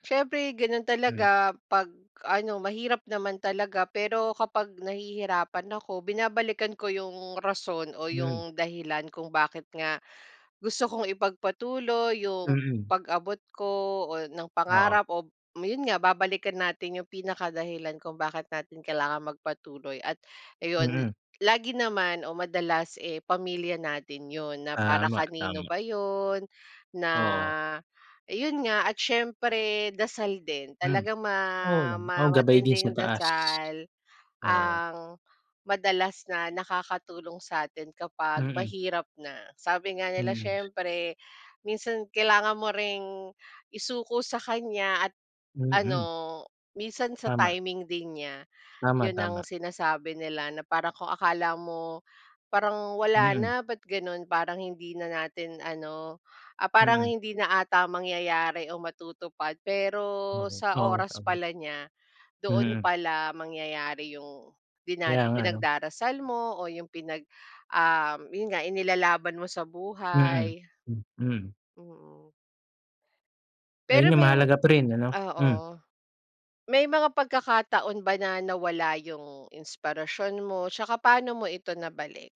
Siyempre, ganun Hmm. talaga 'pag ano, mahirap naman talaga, pero kapag nahihirapan ako, binabalikan ko yung rason o Hmm. yung dahilan kung bakit nga gusto kong ipagpatuloy yung Mm. pag-abot ko o ng Oo. pangarap o yun nga, babalikan natin yung pinaka dahilan kung bakit natin kailangan magpatuloy. At ayun, Mm. lagi naman o madalas, eh, pamilya natin yun, na para Tama, kanino tama. ba yun, na Oo. eh, yun nga at siyempre dasal din. Hmm. Talagang Oo, ma nama oo, ma gabay din sa matinding taas. dasal Oo. ang madalas na nakakatulong sa atin kapag Mm. mahirap na. Sabi nga nila, Mm. "Siyempre, minsan kailangan mo ring isuko sa kanya at Mm. ano, minsan sa Tama. timing din niya." Tama, Yun ang tama. sinasabi nila na parang kung akala mo parang wala Mm. na, ba't ganon parang hindi na natin ano, ah, parang Mm. hindi na ata mangyayari o matutupad, pero Oo, sa oo. oras Tama. pala niya, doon Mm. pala mangyayari yung dina Kaya nga, ano. pinagdarasal mo o yung pinag, um, yun nga inilalaban mo sa Mm, buhay. hmm. Mm. Mm. Ayun Pero nga, may mahalaga pa rin ano? oo. Hmm. May mga pagkakataon ba na nawala yung inspirasyon mo 'tsaka paano mo ito nabalik?